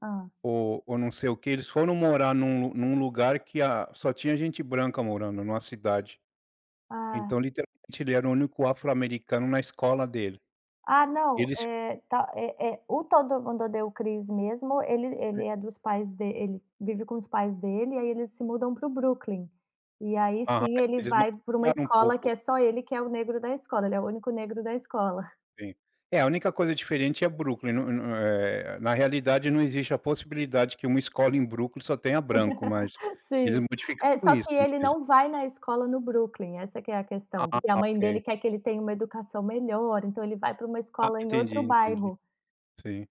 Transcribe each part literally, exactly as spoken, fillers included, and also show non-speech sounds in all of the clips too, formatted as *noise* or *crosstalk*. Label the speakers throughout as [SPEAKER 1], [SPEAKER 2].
[SPEAKER 1] Hã.
[SPEAKER 2] Ou ou não sei o quê. Eles foram morar num lu num lugar que a só tinha gente branca morando, numa cidade.
[SPEAKER 1] Ah.
[SPEAKER 2] Então, literalmente, ele era o único afro-americano na escola dele.
[SPEAKER 1] Ah, não!
[SPEAKER 2] Ele se
[SPEAKER 1] Eh, tá, é é o Todo Mundo Odeia o Chris mesmo, ele ele é dos pais de ele vive com os pais dele, aí eles se mudam para o Brooklyn. E aí
[SPEAKER 2] Aham,
[SPEAKER 1] sim, ele
[SPEAKER 2] eles ma
[SPEAKER 1] vai pra uma
[SPEAKER 2] um
[SPEAKER 1] escola que
[SPEAKER 2] pouco.
[SPEAKER 1] é só ele que é o negro da escola, ele é o único negro da escola.
[SPEAKER 2] Sim. É, a única coisa diferente é Brooklyn, não não, eh, na realidade não existe a possibilidade que uma escola em Brooklyn só tenha branco, mas
[SPEAKER 1] *laughs*
[SPEAKER 2] eles
[SPEAKER 1] Sim. É,
[SPEAKER 2] modificaram
[SPEAKER 1] só
[SPEAKER 2] isso
[SPEAKER 1] que ele
[SPEAKER 2] *unintelligible*
[SPEAKER 1] não vai na escola no Brooklyn, essa que é a questão,
[SPEAKER 2] Ah,
[SPEAKER 1] porque a mãe dele
[SPEAKER 2] ok.
[SPEAKER 1] quer que ele tenha uma educação melhor, então ele vai pra uma
[SPEAKER 2] Ah,
[SPEAKER 1] escola em
[SPEAKER 2] entendi,
[SPEAKER 1] outro
[SPEAKER 2] entendi.
[SPEAKER 1] bairro.
[SPEAKER 2] Sim.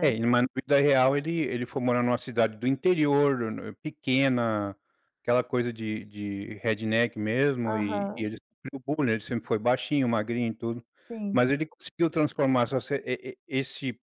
[SPEAKER 2] É, em mas na vida real, ele ele foi morar numa cidade do interior no no pequena, aquela coisa de de redneck mesmo e e
[SPEAKER 1] Aham.
[SPEAKER 2] ele sofreu bullying, ele sempre foi baixinho, magrinho e tudo,
[SPEAKER 1] Sim.
[SPEAKER 2] mas ele conseguiu transformar essa se e e esse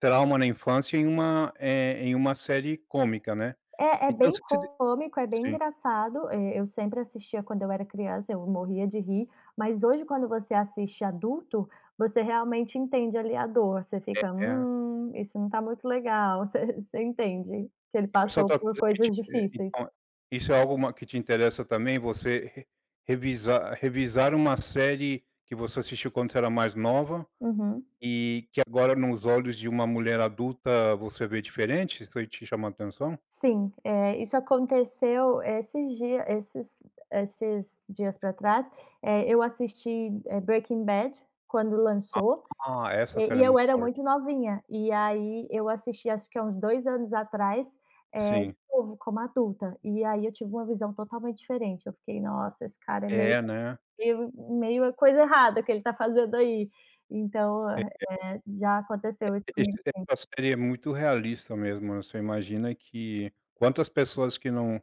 [SPEAKER 2] trauma na infância em uma, eh, em uma série cômica, né.
[SPEAKER 1] É, é
[SPEAKER 2] Então
[SPEAKER 1] bem
[SPEAKER 2] se de
[SPEAKER 1] cômico, é bem
[SPEAKER 2] sim.
[SPEAKER 1] engraçado, eh, eu sempre assistia quando eu era criança, eu morria de rir, mas hoje quando você assiste adulto, você realmente entende ali a dor, você fica:
[SPEAKER 2] É.
[SPEAKER 1] "Hum, isso não tá muito legal". Você *chuckles* você entende que ele
[SPEAKER 2] Pessoal
[SPEAKER 1] passou
[SPEAKER 2] tá
[SPEAKER 1] por coisas difíceis.
[SPEAKER 2] *unintelligible* isso é alguma que te interessa também? Você re revisar revisar uma série que você assistiu quando você era mais nova
[SPEAKER 1] Uhum.
[SPEAKER 2] e que agora, nos olhos de uma mulher adulta, você vê diferentes? Foi te chamou a
[SPEAKER 1] S
[SPEAKER 2] atenção?
[SPEAKER 1] sim, eh, isso aconteceu esses dia esses esses dias pra trás. Eh, eu assisti, eh, Breaking Bad quando lançou,
[SPEAKER 2] Ah, essa
[SPEAKER 1] eh,
[SPEAKER 2] série
[SPEAKER 1] e
[SPEAKER 2] é
[SPEAKER 1] eu
[SPEAKER 2] muito
[SPEAKER 1] era
[SPEAKER 2] forte.
[SPEAKER 1] muito novinha e aí eu assisti acho que há uns dois anos atrás, eh, de
[SPEAKER 2] Sim.
[SPEAKER 1] novo, como adulta, e aí eu tive uma visão totalmente diferente, eu fiquei: "Nossa, esse cara é meio
[SPEAKER 2] É, né.
[SPEAKER 1] meio meio coisa errada o que ele tá fazendo aí". Então,
[SPEAKER 2] É, é.
[SPEAKER 1] eh, já aconteceu isso comigo sim.
[SPEAKER 2] *unintelligible* seria muito realista mesmo, né, você imagina que quantas pessoas que não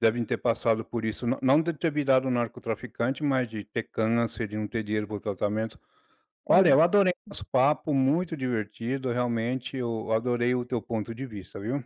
[SPEAKER 2] devem ter passado por isso? Não não de ter virado narco-traficante, mas de ter câncer, de não ter dinheiro para o tratamento. Olha, eu
[SPEAKER 1] É.
[SPEAKER 2] adorei nosso papo, muito divertido. Realmente, eu adorei o teu ponto de vista, viu.